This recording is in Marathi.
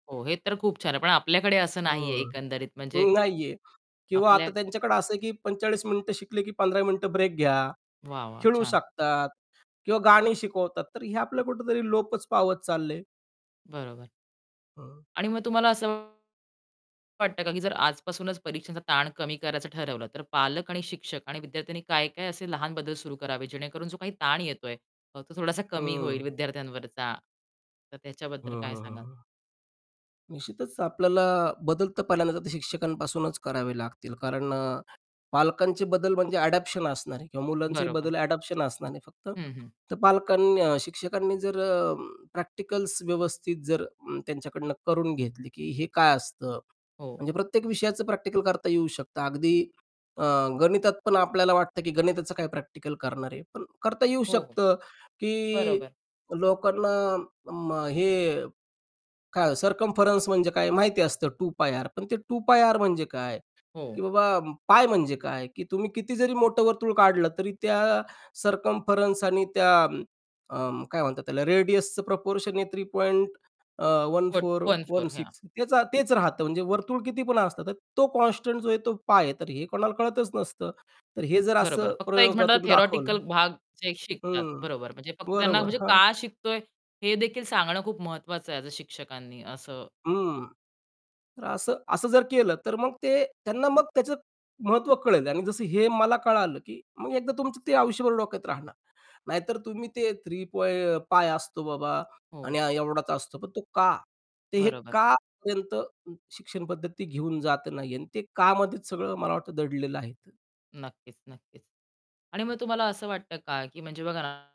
हो. हे तर खूप छान आहे. पण आपल्याकडे असं नाहीये हो. एकंदरीत म्हणजे नाहीये. किंवा आपल्या आता त्यांच्याकडे असं आहे की 45 मिनिटं शिकले की 15 मिनिटं ब्रेक घ्या, वाह, वाह! खेळू छान. शकतात किंवा गाणी शिकवतात. तर हे आपलं कुठेतरी लोपच पावत चाललयं. बरोबर. हं. आणि मग तुम्हाला असं वाटतं का की जर आजपासूनच परीक्षांचा ताण कमी करायचं ठरवलं, तर पालक आणि शिक्षक आणि विद्यार्थ्यांनी काय-काय असे लहान बदल सुरू करावेत, जेणेकरून जो काही ताण येतोय, तो तो थोडासा कमी होईल हं. विद्यार्थ्यांवरचा. तर हं, त्याच्याबद्दल काय हं, सांगाल? हं, हं. निश्चितच आपल्याला बदल तर पहिल्यांदा तर शिक्षकांपासूनच करावे लागतील. कारण अ, पालकांचे बदल म्हणजे अडॉप्शन असणार आहे किंवा मुलांचेही बरोबर. बदल अडॉप्शन असणार आहे. फक्त हं, हं. तर पालकांनी शिक्षकांनी जर अं, प्रॅक्टिकल्स व्यवस्थित जर अं, त्यांच्याकडनं करून घेतली, की हे काय असतं? हो. म्हणजे प्रत्येक विषयाचं प्रॅक्टिकल करता येऊ शकतं अगदी अ, गणितात पण आपल्याला वाटतं की गणिताचं काय प्रॅक्टिकल करणार आहे? पण करता येऊ हो, हो. शकतं की बरोबर. लोकांना अं, अं, हे काय सर्कम्फरन्स म्हणजे काय माहिती असतं, 2πr. पण ते 2πr म्हणजे काय? की हो. बाबा π म्हणजे काय? की तुम्ही किती जरी मोठं वर्तुळ काढलं तरी त्या सर्कम्फरन्स आणि त्या अं, अं, काय म्हणतात त्याला रेडियसचं प्रपोर्शन आहे 3. अ, one [unintelligible] four one one four ह्या. सिक्स त्याचं तेच राहतं. म्हणजे वर्तुळ कितीपण असतं, तर तो कॉन्स्टंट जो आहे तो π आहे. तर हे कोणाला कळतच नसतं. तर हे जर बरोबर. असं फक्त एक म्हटलं तर प्रयोगातून दाखवलं थियोरेटिकल भाग ते शिकतात. हं. बरोबर म्हणजे फक्त त्यांना बरोबर म्हणजे हां. का शिकतोय, हे देखील सांगणं खूप महत्वाचं आहे, ॲज अ शिक्षकांनी असं हं. तर असं असं जर केलं तर मग ते त्यांना मग त्याचं महत्त्व कळेल आणि जसं हे मला कळालं की मग एकदा तुमचं ते आयुष्यभर डोक्यात राहणार. नाहीतर तुम्ही ते थ्री पॉइं π असतो बाबा हो. आणि एवढाचा असतो. पण तो का? तर हे बरोबर. का पर्यंत शिक्षण पद्धती घेऊन जात नाहीये. आणि ते कामध्येच सगळं मला वाटतं दडलेलं आहे तर नक्कीच, नक्कीच. आणि मग तुम्हाला असं वाटतं का की म्हणजे बघा ना